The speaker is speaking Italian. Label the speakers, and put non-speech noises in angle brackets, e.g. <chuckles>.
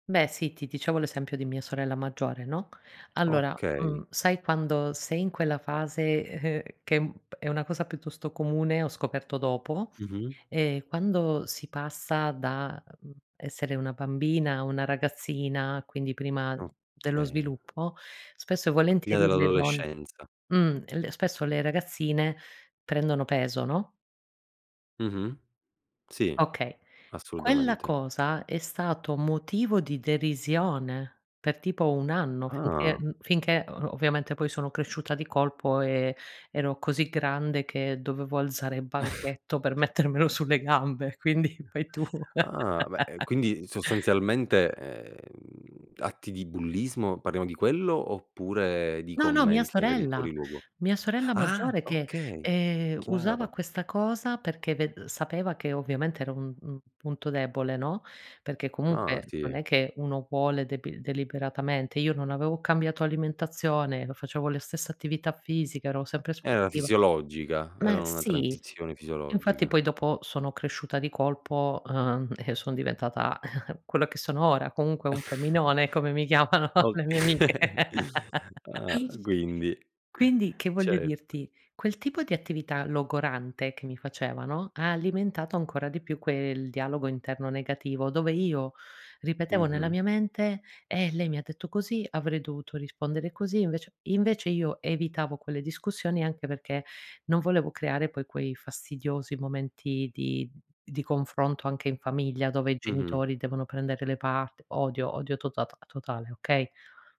Speaker 1: Beh sì, ti dicevo l'esempio di mia sorella maggiore, no: allora,
Speaker 2: Okay.
Speaker 1: mhmm, sai quando sei in quella fase, e ehm, che m è una cosa piuttosto comune, ho scoperto dopo;
Speaker 2: Mh-mh.
Speaker 1: ehm, quando si passa da, mhmm, essere una bambina a una ragazzina, quindi prima dello
Speaker 2: Okay.
Speaker 1: sviluppo, spesso e
Speaker 2: Prima
Speaker 1: volentieri le don
Speaker 2: dell'adolescenza.
Speaker 1: mh, l spesso le ragazzine prendono peso, no?
Speaker 2: Mh-mh. Sì,
Speaker 1: Okay Quella
Speaker 2: assolutamente.
Speaker 1: cosa è stato motivo di derisione, per tipo 1 anno finché
Speaker 2: Ah.
Speaker 1: mhmm, finché o ovviamente poi sono cresciuta di colpo e ero così grande che dovevo alzare il
Speaker 2: <chuckles>
Speaker 1: banchetto per mettermelo sulle gambe, quindi fai tu.
Speaker 2: Ah beh, e
Speaker 1: <laughs>
Speaker 2: quindi, sostanzialmente, ehm, atti di bullismo, parliamo di quello, oppure di
Speaker 1: No, no, mia
Speaker 2: commenti magari
Speaker 1: sorella.
Speaker 2: fuori luogo?
Speaker 1: Mia sorella
Speaker 2: Ah!
Speaker 1: maggiore che,
Speaker 2: Okay,
Speaker 1: ehm, usava
Speaker 2: chiaro.
Speaker 1: questa cosa perché ve ehm, sapeva che ovviamente era un un punto debole, no, perché
Speaker 2: Ah
Speaker 1: comunque non
Speaker 2: sì.
Speaker 1: è che uno vuole debil deliberatamente. Io non avevo cambiato alimentazione, o facevo la stessa attività fisica, ero sempre
Speaker 2: Era
Speaker 1: sportiva
Speaker 2: fisiologica.
Speaker 1: ma
Speaker 2: Era una
Speaker 1: sì.
Speaker 2: transizione
Speaker 1: Infatti
Speaker 2: fisiologica.
Speaker 1: poi dopo sono cresciuta di colpo, uhm, e sono diventata <chuckles> quello che sono ora, comunque un
Speaker 2: <chuckles>
Speaker 1: femminone, come mi chiamano le mie amiche.
Speaker 2: Okay.
Speaker 1: <laughs>
Speaker 2: Ah quindi
Speaker 1: Quindi, che voglio
Speaker 2: certo.
Speaker 1: dirti: quel tipo di attività logorante che mi facevano, ha alimentato ancora di più quel dialogo interno negativo, dove io ripetevo nella
Speaker 2: Mh-mh.
Speaker 1: mia mente: "Eh, lei mi ha detto così, avrei dovuto rispondere così"; invece invece io evitavo quelle discussioni, anche perché non volevo creare poi quei fastidiosi momenti di di confronto anche in famiglia, dove i
Speaker 2: Mh-mh.
Speaker 1: genitori devono prendere le parte. Odio, odio totat totale, okay?